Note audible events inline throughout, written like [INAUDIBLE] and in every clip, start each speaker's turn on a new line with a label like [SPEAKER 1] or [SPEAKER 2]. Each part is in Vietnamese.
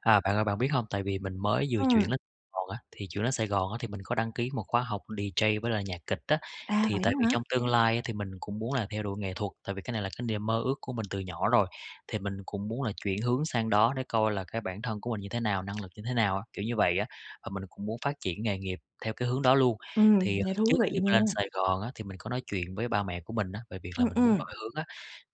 [SPEAKER 1] À, bạn ơi, bạn biết hông, tại vì mình mới vừa
[SPEAKER 2] Ừm.
[SPEAKER 1] chuyển lên [UNINTELLIGIBLE] Gòn á, thì chuyển lên Sài Gòn á, thì mình có đăng ký một khóa học DJ với lại nhạc kịch á.
[SPEAKER 2] À,
[SPEAKER 1] Thì
[SPEAKER 2] vậy đó
[SPEAKER 1] tại vì
[SPEAKER 2] hả?
[SPEAKER 1] trong tương lai á thì mình cũng muốn là theo đuổi nghệ thuật, tại vì cái này là cái niềm mơ ước của mình từ nhỏ rồi, thì mình cũng muốn là chuyển hướng sang đó, để coi là cái bản thân của mình như thế nào, năng lực như thế nào á, kiểu như vậy á. Và mình cũng muốn phát triển nghề nghiệp theo cái hướng đó luôn.
[SPEAKER 2] Ừm,
[SPEAKER 1] Thì, à,
[SPEAKER 2] nghe thú
[SPEAKER 1] trước
[SPEAKER 2] vị
[SPEAKER 1] khi mà lên
[SPEAKER 2] nha.
[SPEAKER 1] Sài Gòn á, thì mình có nói chuyện với ba mẹ của mình á về việc là
[SPEAKER 2] Ừm,
[SPEAKER 1] mình muốn
[SPEAKER 2] ừm.
[SPEAKER 1] đổi hướng á,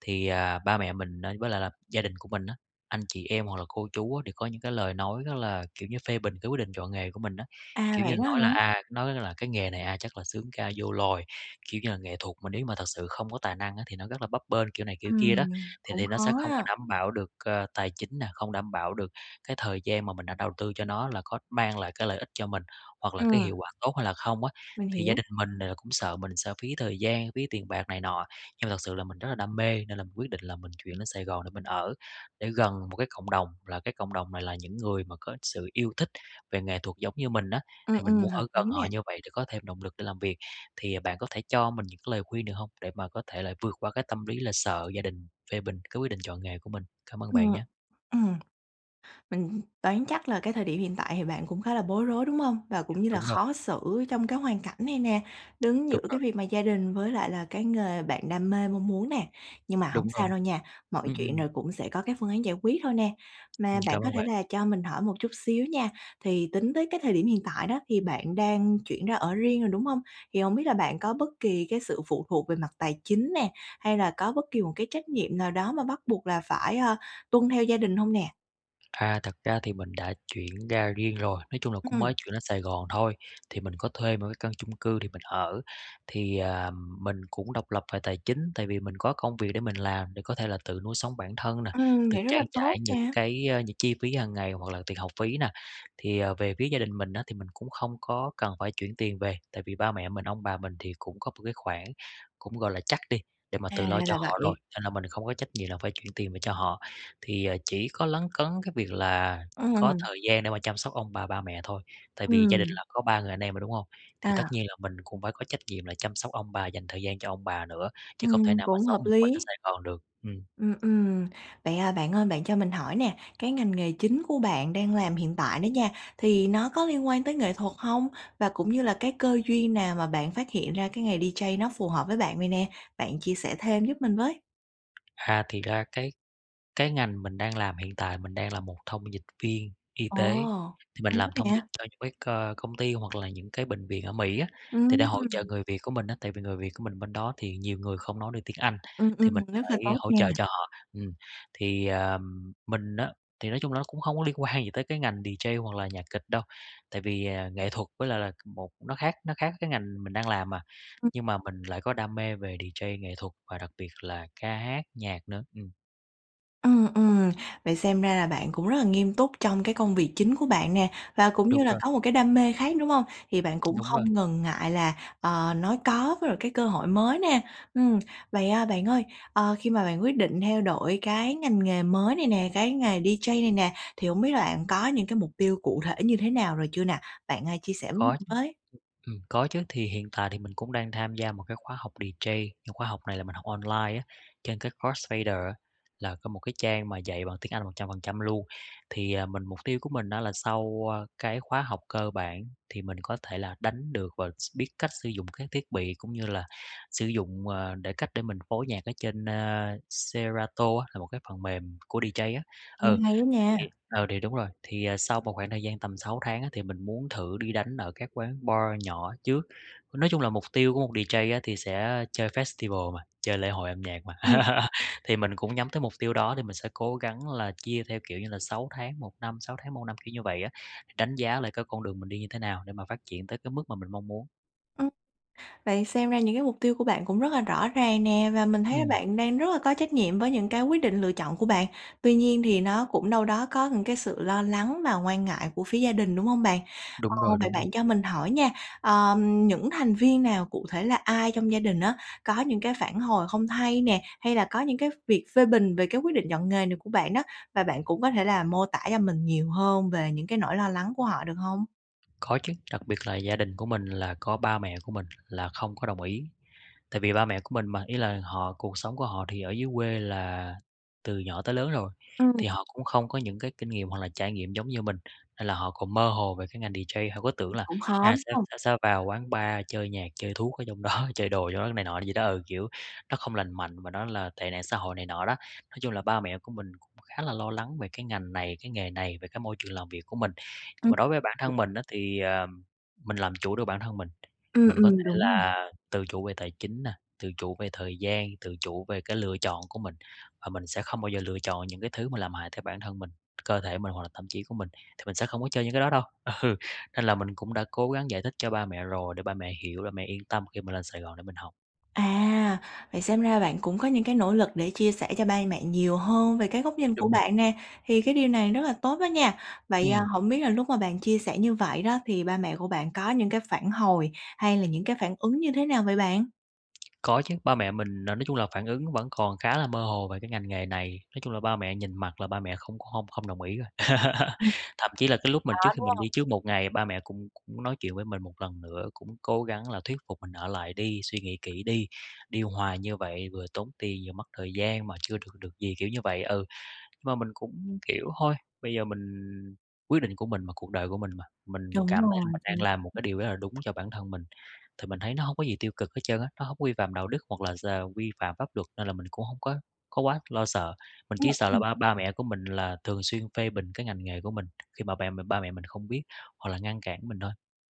[SPEAKER 1] thì, à, ba mẹ mình ấy với lại là gia đình của mình á, anh chị em hoặc là cô chú á, đều có những cái lời nói rất là kiểu như, phê bình cái quyết định chọn nghề của mình á.
[SPEAKER 2] À,
[SPEAKER 1] Kiểu như
[SPEAKER 2] vậy đó
[SPEAKER 1] nói là
[SPEAKER 2] hả?
[SPEAKER 1] à nói là: "Cái nghề này, à, chắc là xướng ca vô loài, kiểu như là nghệ thuật mà nếu như mà thật sự không có tài năng á thì nó rất là bấp bênh", kiểu này kiểu kia đó.
[SPEAKER 2] Ừm,
[SPEAKER 1] Thì
[SPEAKER 2] cũng
[SPEAKER 1] thì nó sẽ
[SPEAKER 2] khó
[SPEAKER 1] không có
[SPEAKER 2] ha.
[SPEAKER 1] đảm bảo được, ờ, tài chính nè, không đảm bảo được cái thời gian mà mình đã đầu tư cho nó, là có mang lại cái lợi ích cho mình, hoặc là
[SPEAKER 2] Ừm.
[SPEAKER 1] cái hiệu quả tốt hay là không á,
[SPEAKER 2] Mình
[SPEAKER 1] thì gia
[SPEAKER 2] hiểu.
[SPEAKER 1] đình mình, à, cũng sợ mình sẽ phí thời gian, phí tiền bạc này nọ. Nhưng mà thật sự là mình rất là đam mê, nên là mình quyết định là mình chuyển lên Sài Gòn để mình ở, để gần một cái cộng đồng, là cái cộng đồng này là những người mà có sự yêu thích về nghệ thuật giống như mình á,
[SPEAKER 2] Ừm,
[SPEAKER 1] thì mình
[SPEAKER 2] ừm,
[SPEAKER 1] muốn
[SPEAKER 2] hợp
[SPEAKER 1] ở gần
[SPEAKER 2] lý
[SPEAKER 1] họ
[SPEAKER 2] nè.
[SPEAKER 1] như vậy để có thêm động lực để làm việc. Thì bạn có thể cho mình những cái lời khuyên được hông? Để mà có thể là vượt qua cái tâm lý là sợ gia đình phê bình cái quyết định chọn nghề của mình? Cảm ơn
[SPEAKER 2] Ừm,
[SPEAKER 1] bạn nhá.
[SPEAKER 2] ừm. Mình đoán chắc là cái thời điểm hiện tại thì bạn cũng khá là bối rối, đúng hông? Và cũng như là
[SPEAKER 1] Đúng rồi.
[SPEAKER 2] khó xử trong cái hoàn cảnh này nè, đứng giữa
[SPEAKER 1] Đúng
[SPEAKER 2] cái
[SPEAKER 1] rồi.
[SPEAKER 2] việc mà gia đình với lại là cái nghề bạn đam mê, mong muốn nè. Nhưng mà hổng
[SPEAKER 1] Đúng
[SPEAKER 2] sao
[SPEAKER 1] rồi.
[SPEAKER 2] đâu nha, mọi
[SPEAKER 1] Ừm,
[SPEAKER 2] chuyện
[SPEAKER 1] ừm.
[SPEAKER 2] rồi cũng sẽ có cái phương án giải quyết thôi nè.
[SPEAKER 1] Ừm,
[SPEAKER 2] Mà bạn
[SPEAKER 1] cảm
[SPEAKER 2] có
[SPEAKER 1] ơn
[SPEAKER 2] thể
[SPEAKER 1] bạn.
[SPEAKER 2] là cho mình hỏi một chút xíu nha. Thì tính tới cái thời điểm hiện tại đó thì bạn đang chuyển ra ở riêng rồi, đúng hông? Thì hông biết là bạn có bất kỳ cái sự phụ thuộc về mặt tài chính nè, hay là có bất kỳ một cái trách nhiệm nào đó mà bắt buộc là phải, ơ, tuân theo gia đình hông nè?
[SPEAKER 1] À, thật ra thì mình đã chuyển ra riêng rồi. Nói chung là cũng
[SPEAKER 2] Ừm.
[SPEAKER 1] mới chuyển lên Sài Gòn thôi, thì mình có thuê một cái căn chung cư để mình ở. Thì, ờm, mình cũng độc lập về tài chính, tại vì mình có công việc để mình làm để có thể là tự nuôi sống bản thân nè,
[SPEAKER 2] Ừm,
[SPEAKER 1] tự
[SPEAKER 2] vậy rất là
[SPEAKER 1] trang trải
[SPEAKER 2] tốt
[SPEAKER 1] những
[SPEAKER 2] nè.
[SPEAKER 1] cái những chi phí hằng ngày hoặc là tiền học phí nè. Thì, à, về phía gia đình mình á thì mình cũng không có cần phải chuyển tiền về, tại vì ba mẹ mình, ông bà mình thì cũng có một cái khoản, cũng gọi là chắc đi, để mà
[SPEAKER 2] À,
[SPEAKER 1] tự lo
[SPEAKER 2] ra
[SPEAKER 1] cho
[SPEAKER 2] là
[SPEAKER 1] họ rồi,
[SPEAKER 2] vậy.
[SPEAKER 1] nên là mình không có trách nhiệm là phải chuyển tiền về cho họ. Thì chỉ có lấn cấn cái việc là có
[SPEAKER 2] Ừm.
[SPEAKER 1] thời gian để mà chăm sóc ông bà, ba mẹ thôi. Tại vì gia đình
[SPEAKER 2] Ừm.
[SPEAKER 1] là có 3 người anh em rồi, đúng hông? Thì tất
[SPEAKER 2] À.
[SPEAKER 1] nhiên là mình cũng phải có trách nhiệm là chăm sóc ông bà, dành thời gian cho ông bà nữa, chứ không thể
[SPEAKER 2] Ừm,
[SPEAKER 1] nào mà
[SPEAKER 2] cũng
[SPEAKER 1] sống
[SPEAKER 2] hợp
[SPEAKER 1] một mình ở
[SPEAKER 2] lí.
[SPEAKER 1] Sài Gòn được. Ừm.
[SPEAKER 2] Ừm, ừm. Vậy, à, bạn ơi, bạn cho mình hỏi nè, cái ngành nghề chính của bạn đang làm hiện tại đó nha, thì nó có liên quan tới nghệ thuật hông? Và cũng như là cái cơ duyên nào mà bạn phát hiện ra cái nghề DJ nó phù hợp với bạn vậy nè? Bạn chia sẻ thêm giúp mình với.
[SPEAKER 1] À, thiệt ra cái cái ngành mình đang làm hiện tại mình đang là một thông dịch viên y
[SPEAKER 2] Ồ,
[SPEAKER 1] tế. Thì mình
[SPEAKER 2] tốt
[SPEAKER 1] làm thông dịch
[SPEAKER 2] nè!
[SPEAKER 1] cho những cái c công ty hoặc là những cái bệnh viện ở Mỹ á, thì để hỗ trợ
[SPEAKER 2] Ừm!
[SPEAKER 1] người Việt của mình á. Tại vì người Việt của mình bên đó thì nhiều người không nói được tiếng Anh,
[SPEAKER 2] Ừm,
[SPEAKER 1] thì
[SPEAKER 2] ừm,
[SPEAKER 1] mình
[SPEAKER 2] rất là
[SPEAKER 1] phải
[SPEAKER 2] tốt
[SPEAKER 1] hỗ trợ
[SPEAKER 2] nha.
[SPEAKER 1] cho họ, ừm. Thì, ờm, mình á, thì nói chung là nó cũng hông có liên quan gì tới cái ngành DJ hoặc là nhạc kịch đâu, tại vì, à, nghệ thuật với lại là c một nó khác nó khác với cái ngành mình đang làm mà.
[SPEAKER 2] Ừm.
[SPEAKER 1] Nhưng mà mình lại có đam mê về DJ nghệ thuật và đặc biệt là ca hát, nhạc nữa, ừm.
[SPEAKER 2] Ừm, ừm, vậy xem ra là bạn cũng rất là nghiêm túc trong cái công việc chính của bạn nè, và cũng
[SPEAKER 1] Đúng
[SPEAKER 2] như là
[SPEAKER 1] rồi.
[SPEAKER 2] có một cái đam mê khác, đúng hông? Thì bạn cũng
[SPEAKER 1] Đúng rồi.
[SPEAKER 2] không ngần ngại là, ờ, nói có với lại cái cơ hội mới nè. Ừm. Vậy, ờ, bạn ơi, ờ, khi mà bạn quyết định theo đổi cái ngành nghề mới này nè, cái nghề DJ này nè, thì hổng biết là bạn có những cái mục tiêu cụ thể như thế nào rồi chưa nè? Bạn, à, chia sẻ với mình
[SPEAKER 1] Có chứ.
[SPEAKER 2] với.
[SPEAKER 1] Ừm, ừm, có chứ. Thì hiện tại thì mình cũng đang tham gia một cái khóa học DJ. Khóa học này là mình học online á, trên cái Crossfader á, là có một cái trang mà dạy bằng tiếng Anh 100% luôn. Thì, à, mình mục tiêu của mình á là sau cái khóa học cơ bản thì mình có thể là đánh được và s biết cách sử dụng các thiết bị, cũng như là sử dụng, ờ, để cách để mình phối nhạc ở trên, ờ, Serato á, là một cái phần mềm của DJ á.
[SPEAKER 2] Nghe
[SPEAKER 1] Ừ,
[SPEAKER 2] hay á nha.
[SPEAKER 1] thì ờ, thì đúng rồi. Thì sau một khoảng thời gian tầm 6 tháng á thì mình muốn thử đi đánh ở các quán bar nhỏ trước. Nói chung là mục tiêu của một DJ á thì sẽ chơi festival mà, chơi lễ hội âm nhạc mà.
[SPEAKER 2] Ừm.
[SPEAKER 1] [LAUGHS] Thì mình cũng nhắm tới mục tiêu đó, thì mình sẽ cố gắng là chia theo, kiểu như là, 6 tháng, 1 năm, 6 tháng 1 năm, kiểu như vậy á, đánh giá lại cái con đường mình đi như thế nào để mà phát triển tới cái mức mà mình mong muốn.
[SPEAKER 2] Ừm. Vậy xem ra những cái mục tiêu của bạn cũng rất là rõ ràng nè, và mình thấy là
[SPEAKER 1] Ừm.
[SPEAKER 2] bạn đang rất là có trách nhiệm với những cái quyết định, lựa chọn của bạn. Tuy nhiên thì nó cũng đâu đó có những cái sự lo lắng và quan ngại của phía gia đình, đúng hông bạn? Ờ,
[SPEAKER 1] Đúng rồi,
[SPEAKER 2] vậy
[SPEAKER 1] đúng r
[SPEAKER 2] bạn cho mình hỏi nha, ờm, những thành viên nào, cụ thể là ai trong gia đình á, có những cái phản hồi không hay nè, hay là có những cái v việc phê bình về cái quyết định chọn nghề này của bạn đó? Và bạn cũng có thể là mô tả cho mình nhiều hơn về những cái nỗi lo lắng của họ được hông?
[SPEAKER 1] Có chứ, đặc biệt là gia đình của mình là có ba mẹ của mình là không có đồng ý. Tại vì ba mẹ của mình mà, ý là họ cuộc sống của họ thì ở dưới quê là từ nhỏ tới lớn rồi,
[SPEAKER 2] Ừm.
[SPEAKER 1] thì họ cũng không có những cái kinh nghiệm hoặc là trải nghiệm giống như mình, nên là họ còn mơ hồ về cái ngành DJ. Họ cứ tưởng
[SPEAKER 2] Ừm,
[SPEAKER 1] là
[SPEAKER 2] cũng khó,
[SPEAKER 1] à,
[SPEAKER 2] đúng
[SPEAKER 1] sẽ
[SPEAKER 2] hông?
[SPEAKER 1] sẽ vào quán bar chơi nhạc, chơi thuốc ở trong đó, chơi đồ trong đó, này nọ gì đó ừ, kiểu nó không lành mạnh và nó là tệ nạn xã hội này nọ đó. Nói chung là ba mẹ của mình cũng khá là lo lắng về cái ngành này, cái nghề này, về cái môi trường làm việc của mình. Nhưng
[SPEAKER 2] Ừm.
[SPEAKER 1] mà đối với bản thân mình á thì, ờm, mình làm chủ được bản thân mình.
[SPEAKER 2] Ừm,
[SPEAKER 1] Mình có
[SPEAKER 2] ừm,
[SPEAKER 1] thể
[SPEAKER 2] đúng rồi.
[SPEAKER 1] là tự chủ về tài chính nè, tự chủ về thời gian, tự chủ về cái lựa chọn của mình. Và mình sẽ không bao giờ lựa chọn những cái thứ mà làm hại tới bản thân mình, cơ thể mình, hoặc là tâm trí của mình, thì mình sẽ không có chơi những cái đó đâu, ừ. Nên là mình cũng đã cố gắng giải thích cho ba mẹ rồi để ba mẹ hiểu, ba mẹ yên tâm khi mình lên Sài Gòn để mình học.
[SPEAKER 2] À! Vậy xem ra bạn cũng có những cái nỗ lực để chia sẻ cho bai mẹ nhiều hơn về cái góc nhìn của
[SPEAKER 1] Đúng rồi.
[SPEAKER 2] bạn nè. Thì cái điều này rất là tốt đó nha! Vậy, à,
[SPEAKER 1] Ừm.
[SPEAKER 2] hổng biết là lúc mà bạn chia sẻ như vậy đó thì ba mẹ của bạn có những cái phản hồi hay là những cái phản ứng như thế nào vậy bạn?
[SPEAKER 1] Có chứ, ba mẹ mình n nói chung là phản ứng vẫn còn khá là mơ hồ về cái ngành nghề này. Nói chung là ba mẹ nhìn mặt là ba mẹ không không-không đồng ý rồi. [CHUCKLES]
[SPEAKER 2] Đó,
[SPEAKER 1] Thậm chí là cái lúc mà trước khi
[SPEAKER 2] đúng
[SPEAKER 1] mình
[SPEAKER 2] hông?
[SPEAKER 1] đi trước một ngày ba mẹ cũng cũng nói chuyện với mình một lần nữa, cũng cố gắng là thuyết phục mình ở lại đi, suy nghĩ kỹ đi, đi hoài như vậy vừa tốn tiền vừa mất thời gian mà chưa được được gì, kiểu như vậy, ừ. Nhưng mà mình cũng, kiểu, thôi, bây giờ mình quyết định của mình mà, cuộc đời của mình mà. Mình
[SPEAKER 2] Đúng
[SPEAKER 1] cảm thấy là
[SPEAKER 2] rồi,
[SPEAKER 1] mình
[SPEAKER 2] ch
[SPEAKER 1] đang làm một cái điều rất là đúng cho bản thân mình, thì mình thấy nó hông có gì tiêu cực hết trơn á, nó hông có vi phạm đạo đức hoặc là d vi phạm pháp luật, nên là mình cũng hông có có quá lo sợ. Mình
[SPEAKER 2] Ừm,
[SPEAKER 1] chỉ sợ là
[SPEAKER 2] ừm.
[SPEAKER 1] ba ba mẹ của mình là thường xuyên phê bình cái ngành nghề của mình khi mà bẹ ba mẹ mình không biết, hoặc là ngăn cản mình thôi.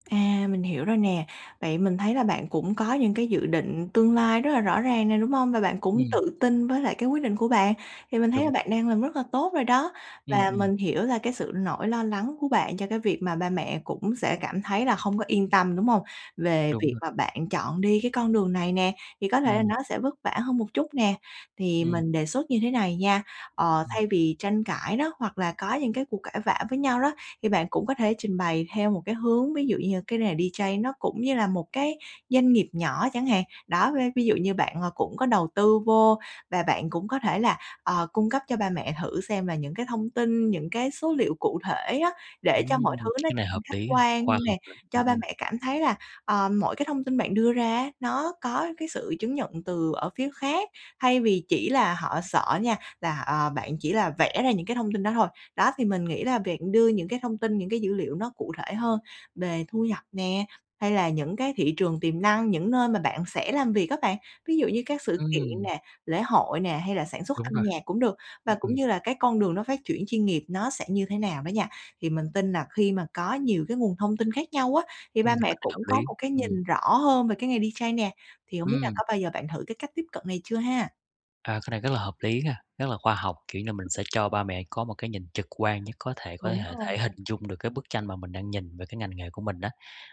[SPEAKER 2] À, mình hiểu rồi nè. Vậy mình thấy là bạn cũng có những cái dự định tương lai rất là rõ ràng nè, đúng hông? Và bạn cũng
[SPEAKER 1] Ừm.
[SPEAKER 2] tự tin với lại cái quyết định của bạn. Thì mình thấy là
[SPEAKER 1] Đúng rồi.
[SPEAKER 2] bạn đang làm rất là tốt rồi đó.
[SPEAKER 1] Ừm,
[SPEAKER 2] Và
[SPEAKER 1] ừm.
[SPEAKER 2] mình hiểu là cái sự nỗi lo lắng của bạn cho cái việc mà ba mẹ cũng sẽ cảm thấy là không có yên tâm, đúng hông? Về
[SPEAKER 1] Đúng
[SPEAKER 2] việc
[SPEAKER 1] rồi.
[SPEAKER 2] mà bạn chọn đi cái con đường này nè thì có thể là
[SPEAKER 1] Ừm.
[SPEAKER 2] nó sẽ vất vả hơn một chút nè. Thì
[SPEAKER 1] Ừm.
[SPEAKER 2] mình đề xuất như thế này nha, ờ,
[SPEAKER 1] Ừm.
[SPEAKER 2] thay vì tranh cãi đó, hoặc là có những cái cuộc cãi vã với nhau đó, thì bạn cũng có thể trình bày theo một cái hướng ví dụ như cái nghề DJ này nó cũng như là một cái doanh nghiệp nhỏ chẳng hạn, đó, ve ví dụ như bạn cũng có đầu tư vô. Và bạn cũng có thể là, ờ, cung cấp cho ba mẹ thử xem là những cái thông tin, những cái số liệu cụ thể á, để cho mọi
[SPEAKER 1] Ừm!
[SPEAKER 2] thứ nó,
[SPEAKER 1] Cái này
[SPEAKER 2] ừm,
[SPEAKER 1] hợp
[SPEAKER 2] khách
[SPEAKER 1] lý à,
[SPEAKER 2] quan
[SPEAKER 1] khoa
[SPEAKER 2] nè.
[SPEAKER 1] học à,
[SPEAKER 2] Cho ba
[SPEAKER 1] ừm.
[SPEAKER 2] mẹ cảm thấy là, ờ, mỗi cái thông tin bạn đưa ra á nó có cái sự chứng nhận từ ở phía khác, thay vì chỉ là họ sợ nha là, ờ, bạn chỉ là vẽ ra những cái thông tin đó thôi. Đó, thì mình nghĩ là việc đưa những cái thông tin, những cái dữ liệu nó cụ thể hơn về thu nhập nè, hay là những cái thị trường tiềm năng, những nơi mà bạn sẽ làm việc á bạn, ví dụ như các sự kiện
[SPEAKER 1] Ừm.
[SPEAKER 2] nè, lễ hội nè, hay là sản xuất
[SPEAKER 1] Đúng
[SPEAKER 2] âm
[SPEAKER 1] rồi.
[SPEAKER 2] nhạc cũng được, và
[SPEAKER 1] Ừm,
[SPEAKER 2] cũng
[SPEAKER 1] ừm.
[SPEAKER 2] như là cái con đường nó phát chuyển chuyên nghiệp nó sẽ như thế nào đó nha, thì mình tin là khi mà có nhiều cái nguồn thông tin khác nhau á, thì ba
[SPEAKER 1] Ừm,
[SPEAKER 2] mẹ
[SPEAKER 1] cái này hợp
[SPEAKER 2] cũng có
[SPEAKER 1] lý.
[SPEAKER 2] một cái
[SPEAKER 1] Ừm.
[SPEAKER 2] nhìn rõ hơn về cái nghề DJ nè. Thì hổng biết là
[SPEAKER 1] Ừm.
[SPEAKER 2] có bao giờ bạn thử cái cách tiếp cận này chưa ha?
[SPEAKER 1] À, cái này rất là hợp lý nha, rất là khoa học. Kiểu như mình sẽ cho ba mẹ có một cái nhìn trực quan nhất có thể, có
[SPEAKER 2] Đúng
[SPEAKER 1] hể
[SPEAKER 2] rồi.
[SPEAKER 1] thể hình dung được cái bức tranh mà mình đang nhìn về cái ngành nghề của mình á.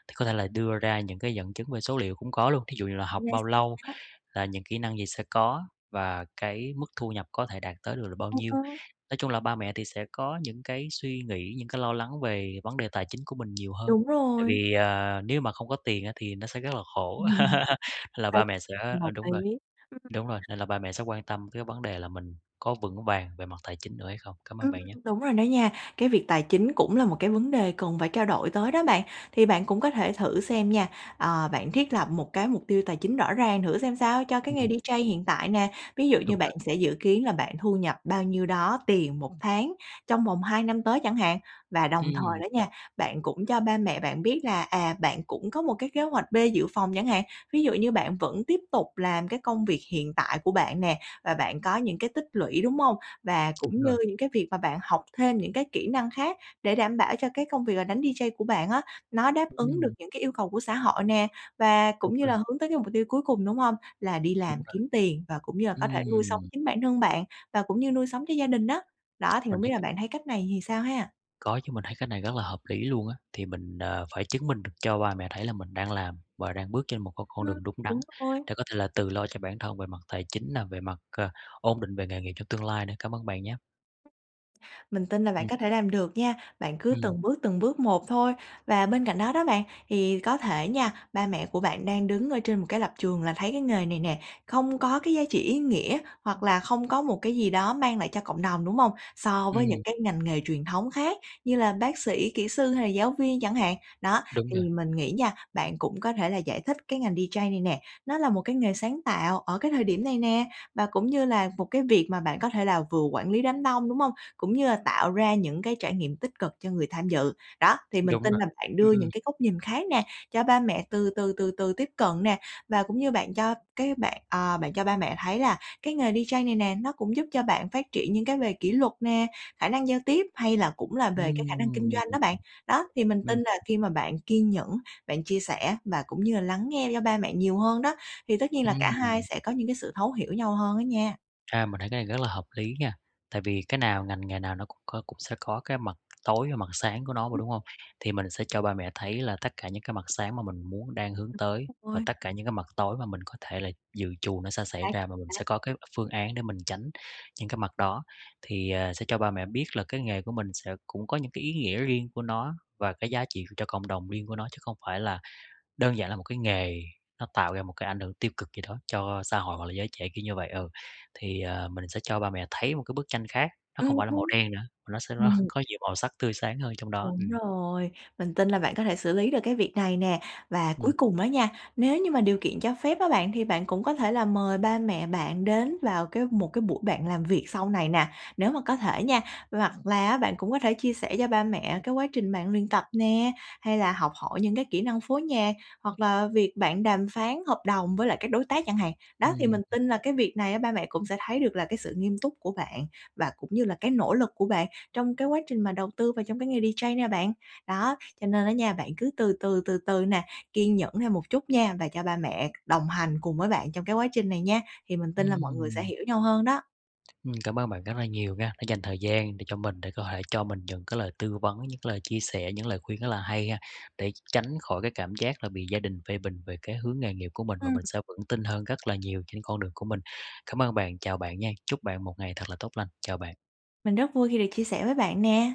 [SPEAKER 1] Thì có thể là đưa ra những cái dẫn chứng về số liệu cũng có luôn, thí dụ như là học bao lâu,
[SPEAKER 2] [UNINTELLIGIBLE]
[SPEAKER 1] là những kỹ năng gì sẽ có và cái mức thu nhập có thể đạt tới được là bao nhiêu.
[SPEAKER 2] [UNINTELLIGIBLE]
[SPEAKER 1] Nói chung là ba mẹ thì sẽ có những cái suy nghĩ, những cái lo lắng về vấn đề tài chính của mình nhiều hơn,
[SPEAKER 2] Đúng
[SPEAKER 1] tại
[SPEAKER 2] rồi.
[SPEAKER 1] vì, ờ, nếu mà không có tiền á thì nó sẽ rất là khổ,
[SPEAKER 2] [LAUGHS]
[SPEAKER 1] [LAUGHS]
[SPEAKER 2] Chính
[SPEAKER 1] nên là
[SPEAKER 2] xác,
[SPEAKER 1] ba mẹ sẽ
[SPEAKER 2] mình
[SPEAKER 1] ờ,
[SPEAKER 2] đồng
[SPEAKER 1] đúng rồi.
[SPEAKER 2] ý. [UNINTELLIGIBLE]
[SPEAKER 1] Đúng rồi, nên là ba mẹ sẽ quan tâm tới cái vấn đề là mình có vững vàng về mặt tài chính nữa hay không. Cảm ơn
[SPEAKER 2] Ừm,
[SPEAKER 1] bạn nhé.
[SPEAKER 2] đúng rồi đó nha. Cái việc tài chính cũng là một cái vấn đề cần phải trao đổi tới đó bạn. Thì bạn cũng có thể thử xem nha, ờ, bạn thiết lập một cái mục tiêu tài chính rõ ràng thử xem sao cho cái nghề
[SPEAKER 1] Ừm.
[SPEAKER 2] DJ hiện tại nè. Ví dụ như
[SPEAKER 1] Đúng
[SPEAKER 2] bạn
[SPEAKER 1] rồi.
[SPEAKER 2] sẽ dự kiến là bạn thu nhập bao nhiêu đó tiền 1 tháng trong vòng 2 năm tới chẳng hạn. Và đồng thời
[SPEAKER 1] Ừm.
[SPEAKER 2] đó nha, bạn cũng cho ba mẹ bạn biết là, à, bạn cũng có một cái kế hoạch B dự phòng chẳng hạn. Ví dụ như bạn vẫn tiếp tục làm cái công việc hiện tại của bạn nè, và bạn có những cái tích lũy, đúng hông? Và
[SPEAKER 1] Đúng
[SPEAKER 2] cũng
[SPEAKER 1] rồi.
[SPEAKER 2] như những cái việc mà bạn học thêm những cái kỹ năng khác để đảm bảo cho cái công việc là đánh DJ của bạn á, nó đáp ứng được
[SPEAKER 1] Ừm.
[SPEAKER 2] những cái yêu cầu của xã hội nè, và
[SPEAKER 1] Đúng
[SPEAKER 2] cũng như
[SPEAKER 1] rồi.
[SPEAKER 2] là hướng tới cái mục tiêu cuối cùng, đúng hông? Là đi
[SPEAKER 1] Đúng
[SPEAKER 2] làm
[SPEAKER 1] rồi.
[SPEAKER 2] kiếm tiền, và cũng như là có thể nuôi sống
[SPEAKER 1] Ừm.
[SPEAKER 2] chính bản thân bạn, và cũng như nuôi sống cho gia đình á. Đó, thì
[SPEAKER 1] Mình
[SPEAKER 2] hông biết
[SPEAKER 1] thấy
[SPEAKER 2] là
[SPEAKER 1] cách
[SPEAKER 2] bạn thấy cách này thì sao ha?
[SPEAKER 1] Có chứ, mình thấy cái này rất là hợp lý luôn á. Thì mình, ờ, phải chứng minh được cho ba mẹ thấy là mình đang làm và đang bước trên một cái con
[SPEAKER 2] Ừm,
[SPEAKER 1] đường đúng đắn
[SPEAKER 2] đúng rồi.
[SPEAKER 1] để có thể là tự lo cho bản thân về mặt tài chính nè, về mặt, ờ ổn định về nghề nghiệp trong tương lai nữa. Cảm ơn bạn nhé.
[SPEAKER 2] Mình tin là bạn
[SPEAKER 1] Ừm.
[SPEAKER 2] có thể làm được nha. Bạn cứ
[SPEAKER 1] Ừm.
[SPEAKER 2] từng bước, từng bước một thôi. Và bên cạnh đó đó bạn, thì có thể nha, ba mẹ của bạn đang đứng ở trên một cái lập trường là thấy cái nghề này nè không có cái giá trị ý nghĩa, hoặc là không có một cái gì đó mang lại cho cộng đồng, đúng hông? So với những
[SPEAKER 1] Ừm.
[SPEAKER 2] cái ngành nghề truyền thống khác như là bác sĩ, kĩ sư hay là giáo viên chẳng hạn. Đó,
[SPEAKER 1] Đúng
[SPEAKER 2] thì
[SPEAKER 1] rồi.
[SPEAKER 2] mình nghĩ nha, bạn cũng có thể là giải thích cái ngành DJ này nè, nó là một cái nghề sáng tạo ở cái thời điểm này nè, và cũng như là một cái việc mà bạn có thể là vừa quản lý đám đông, đúng hông? Cũng như là tạo ra những cái trải nghiệm tích cực cho người tham dự. Đó, thì mình
[SPEAKER 1] Đúng
[SPEAKER 2] tin
[SPEAKER 1] rồi.
[SPEAKER 2] là bạn
[SPEAKER 1] Ừm,
[SPEAKER 2] đưa
[SPEAKER 1] ừm.
[SPEAKER 2] những cái góc nhìn khác nè cho ba mẹ từ từ, từ từ tiếp cận nè, và cũng như bạn cho cái bạn ờ, bạn cho ba mẹ thấy là cái nghề DJ này nè, nó cũng giúp cho bạn phát triển những cái về kỷ luật nè, khả năng giao tiếp, hay là cũng là về cái khả năng kinh
[SPEAKER 1] Ừm.
[SPEAKER 2] doanh đó bạn. Đó, thì mình tin
[SPEAKER 1] Ừm.
[SPEAKER 2] là khi mà bạn kiên nhẫn, bạn chia sẻ, và cũng như là lắng nghe do ba mẹ nhiều hơn đó, thì tất nhiên là cả hai
[SPEAKER 1] Ừm.
[SPEAKER 2] sẽ có những cái sự thấu hiểu nhau hơn á nha.
[SPEAKER 1] À, mình thấy cái này rất là hợp lý nha, tại vì cái nào, ngành nghề nào nó cũng có cũng sẽ có cái mặt tối và mặt sáng của nó mà, đúng hông? Thì mình sẽ cho ba mẹ thấy là tất cả những cái mặt sáng mà mình muốn đang hướng
[SPEAKER 2] Ừm,
[SPEAKER 1] tới,
[SPEAKER 2] đúng
[SPEAKER 1] và
[SPEAKER 2] rồi.
[SPEAKER 1] tất cả những cái mặt tối mà mình có thể là dự trù nó sẽ xảy
[SPEAKER 2] Chính xác,
[SPEAKER 1] ra, và
[SPEAKER 2] chính
[SPEAKER 1] mình
[SPEAKER 2] xác.
[SPEAKER 1] sẽ có cái phương án để mình tránh những cái mặt đó. Thì, ờ, sẽ cho ba mẹ biết là cái nghề của mình sẽ cũng có những cái ý nghĩa riêng của nó và cái giá trị cho cộng đồng riêng của nó, chứ không phải là đơn giản là một cái nghề nó tạo ra một cái ảnh hưởng tiêu cực gì đó cho xã hội hoặc là giới trẻ, kiểu như vậy, ừ. Thì, ờ, mình sẽ cho ba mẹ thấy một cái bức tranh khác; nó không
[SPEAKER 2] Ừm.
[SPEAKER 1] phải là màu
[SPEAKER 2] [UNINTELLIGIBLE]
[SPEAKER 1] đen nữa, mà nó sẽ [CHUCKLES] nó
[SPEAKER 2] Ừm.
[SPEAKER 1] có nhiều màu sắc tươi sáng hơn trong đó,
[SPEAKER 2] Đúng
[SPEAKER 1] ừm.
[SPEAKER 2] rồi, mình tin là bạn có thể xử lý được cái việc này nè. Và cuối
[SPEAKER 1] Ừm.
[SPEAKER 2] cùng á nha, nếu như mà điều kiện cho phép á bạn, thì bạn cũng có thể là mời ba mẹ bạn đến vào cái một cái buổi bạn làm việc sau này nè, nếu mà có thể nha. Hoặc là á bạn cũng có thể chia sẻ cho ba mẹ cái quá trình bạn luyện tập nè, hay là học hỏi những cái kỹ năng phối nhạc, hoặc là việc bạn đàm phán hợp đồng với lại các đối tác chẳng hạn. Đó, thì mình
[SPEAKER 1] Ừm.
[SPEAKER 2] tin là cái việc này á ba mẹ cũng sẽ thấy được là cái sự nghiêm túc của bạn, và cũng như là cái nỗ lực của bạn trong cái quá trình mà đầu tư vào trong cái nghề DJ nè bạn. Đó, cho nên á nha bạn cứ từ từ, từ từ nè, kiên nhẫn thêm một chút nha, và cho ba mẹ đồng hành cùng với bạn trong cái quá trình này nha. Thì mình tin là mọi người sẽ
[SPEAKER 1] Ừm.
[SPEAKER 2] hiểu nhau hơn đó.
[SPEAKER 1] Ừm, cảm ơn bạn rất là nhiều nha đã dành thời gian để cho mình để có thể cho mình những cái lời tư vấn, những cái lời chia sẻ, những lời khuyên rất là hay ha để tr tránh khỏi cái cảm giác là bị gia đình phê bình về cái hướng nghề nghiệp của mình, và
[SPEAKER 2] Ừm.
[SPEAKER 1] mình sẽ vững tin hơn rất là nhiều trên con đường của mình. Cảm ơn bạn, chào bạn nha. Chúc bạn một ngày thật là tốt lành. Chào bạn.
[SPEAKER 2] Mình rất vui khi được chia sẻ với bạn nè.